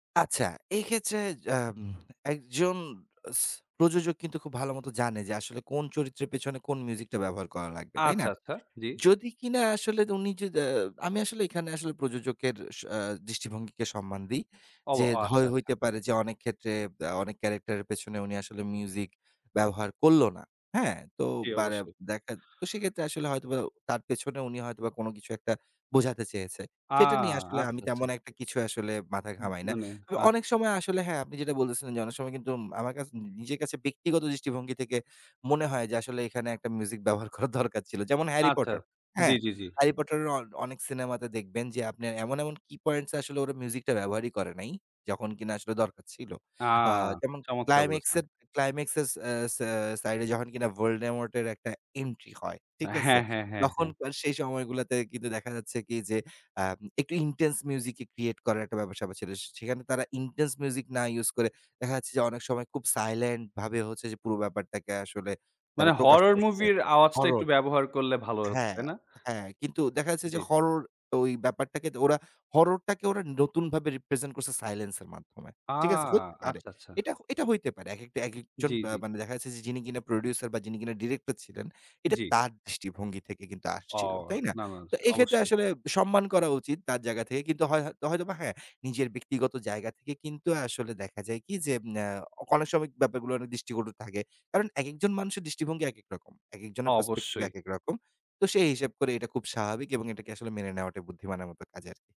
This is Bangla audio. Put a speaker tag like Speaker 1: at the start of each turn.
Speaker 1: আচ্ছা। এক্ষেত্রে জাম একজন স প্রযোজক কিন্তু খুব ভালো মতো জানে যে আসলে কোন চরিত্রের পেছনে কোন মিউজিকটা ব্যবহার করা লাগবে, তাই না?
Speaker 2: আচ্ছা, আচ্ছা। জ্বি।
Speaker 1: যদি কিনা আসলে উনি যদা আমি আসলে এখানে আসলে প্রযোজকের স আ দৃষ্টিভঙ্গিকে সম্মান দেই।
Speaker 2: অব
Speaker 1: যে
Speaker 2: অ আচ্ছা,
Speaker 1: হয়
Speaker 2: আচ্ছা।
Speaker 1: হইতে পারে যে অনেক ক্ষেত্রে আ অনেক ক্যারেক্টারের পেছনে উনি আসলে মিউজিক ব্যবহার করল না, হ্যাঁ, তো
Speaker 2: জ্বি,
Speaker 1: বারে
Speaker 2: অবশ্যই।
Speaker 1: দেখাত তো সেক্ষেত্রে আসলে হয়তোবা তার পেছনে উনি হয়তোবা কোন কিছু একটা বোঝাতে চেয়েছে,
Speaker 2: আ!
Speaker 1: সেটা নিয়ে আসলে আমি
Speaker 2: আচ্ছা, আচ্ছা।
Speaker 1: তেমন একটা কিছু আসলে মাথা
Speaker 2: উম
Speaker 1: ঘামাই না।
Speaker 2: মানে
Speaker 1: তবে
Speaker 2: আচ্ছা।
Speaker 1: অনেক সময় আসলে হ্যাঁ, আপনি যেটা বলতেছিলেন, যে অনেক সময় কিন্তু উম আমার কাছ নিজের কাছে ব্যক্তিগত দৃষ্টিভঙ্গি থেকে মনে হয় যে, আসলে এখানে একটা মিউজিক ব্যবহার করা দরকার ছিল যেমন 'হ্যারি
Speaker 2: আচ্ছা,
Speaker 1: পটার'
Speaker 2: জ্বি,
Speaker 1: হ্যাঁ।
Speaker 2: জ্বি, জ্বি।
Speaker 1: হ্যারিপটারের অ অনেক সিনেমাতে দেখবেন যে আপনার এমন এমন কি পয়েন্টস আসলে ওরা মিউজিকটা ব্যবহারই করে নাই, যখন কিনা আসলে দরকার ছিল।
Speaker 2: আ!
Speaker 1: আ যেমন
Speaker 2: চমৎকার বলেছেন।
Speaker 1: ক্লাইমেক্সের, ক্লাইমেক্সসেস, এ্যা স্যা সাইড এ যখন কিনা 'ভলডেমর্ট' এর একটা এন্ট্রি হয়, ঠিক আছে।
Speaker 2: হ্যাঁ, হ্যাঁ, হ্যাঁ, হ্যাঁ।
Speaker 1: তখনকার সেই সময়গুলাতে কিন্তু দেখা যাচ্ছে কি যে, আম একটু intense music ই create করার একটা ব্যাপার-স্যাপার ছিল। সেখানে তারা intense music না ইউস করে দেখা যাচ্ছে যে, অনেক সময় খুব সাইলেন্ট ভাবে হচ্ছে যে পুরো ব্যাপারটাকে আসলে তারা
Speaker 2: মানে
Speaker 1: প্রকাশ
Speaker 2: হরর
Speaker 1: করছে।
Speaker 2: মুভির আওয়াজটা একটু
Speaker 1: হরর
Speaker 2: ব্যবহার করলে ভালো হত,
Speaker 1: হ্যাঁ,
Speaker 2: তাই না?
Speaker 1: হ্যাঁ কিন্তু দেখা যাচ্ছে যে
Speaker 2: জ্বি।
Speaker 1: হরর ওই ব্যাপারটাকে ওরা, হররটাকে ওরা নতুনভাবে রিপ্রেজেন্ট করছে সাইলেন্স এর মাধ্যমে,
Speaker 2: আ!
Speaker 1: ঠিক আছে? হইতে পারে,
Speaker 2: আচ্ছা, আচ্ছা।
Speaker 1: এটা এটা হইতে পারে। একেকটা, একেকজন
Speaker 2: জ্বি,
Speaker 1: বা
Speaker 2: জ্বি।
Speaker 1: মানে দেখা যাচ্ছে যে যিনি কিনা প্রোডিউসার বা যিনি কিনা ডিরেক্টর ছিলেন। এটা
Speaker 2: জ্বি।
Speaker 1: তার দৃষ্টিভঙ্গি থেকে কিন্তু আসছিলো,
Speaker 2: অও!
Speaker 1: তাই না?
Speaker 2: না, না,
Speaker 1: তো এই ক্ষেত্রে
Speaker 2: অবশ্যই।
Speaker 1: আসলে সম্মান করা উচিত তার জায়গা থেকে কিন্তু হয় হয় হয়তোবা হ্যাঁ, নিজের ব্যক্তিগত জায়গা থেকে কিন্তু আসলে দেখা যায় কি যে, আ অনেক সময় ব্যাপারগুলো অনেক দৃষ্টিকটু থাকে, কারণ একেকজন মানুষের দৃষ্টিভঙ্গি একেক রকম, একেকজনের পার্সপেক্টিভ
Speaker 2: অবশ্যই।
Speaker 1: একেক রকম। তো সেই হিসাব করে এটা খুব স্বাভাবিক এবং এটাকে মেনে নেওয়াটাই বুদ্ধিমানের মতো কাজ আরকি।